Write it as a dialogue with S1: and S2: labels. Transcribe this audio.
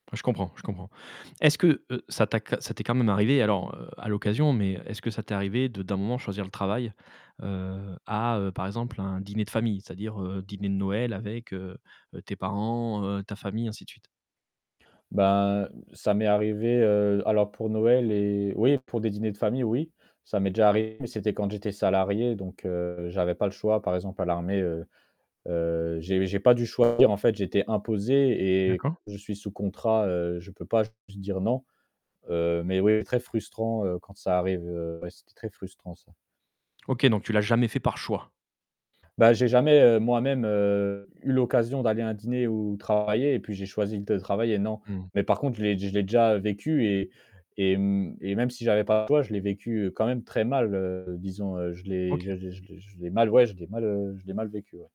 S1: Je comprends, je comprends. Est-ce que, heu, ça t'a q ça t'est quand même arrivé alors, heu, à l'occasion, mais, heu, est-ce que ça t'est arrivé de d'un moment choisir le travail, heu, à, heu, par exemple, un dîner de famille, c'est-à-dire, heu, dîner de Noël avec, heu, heu, tes parents, heu, ta famille, ainsi de suite?
S2: Bah, heu, ça m'est arrivé, heu, alors, pour Noël et oui, pour des dîners de famille, oui, ça m'est déjà arrivé mais c'était quand j'étais salarié donc, heu, j'avais pas le choix. Par exemple à l'armée, heu, heu, j'ai j'ai pas dû choisir en fait, j'étais imposé et
S1: D'accord.
S2: je suis sous contrat, heu, je peux pas juste dire non. Heu, mais oui, très frustrant, heu, quand ça arrive, heu, ouais c'était très frustrant ça.
S1: OK, donc tu l'as jamais fait par choix.
S2: Bah, j'ai jamais, heu, moi-même, heu, eu l'occasion d'aller à un dîner, ou travailler, et puis j'ai choisi de travailler, non.
S1: Mmh mh.
S2: Mais par contre, l'ai je l'ai déjà vécu et et, mmh, et même si j'avais pas le choix, je l'ai vécu, heu, quand même très mal, heu, disons, heu, je l'ai
S1: OK.
S2: je je je le je l'ai mal ouais je l'ai mal, heu, je l'ai mal vécu, ouais.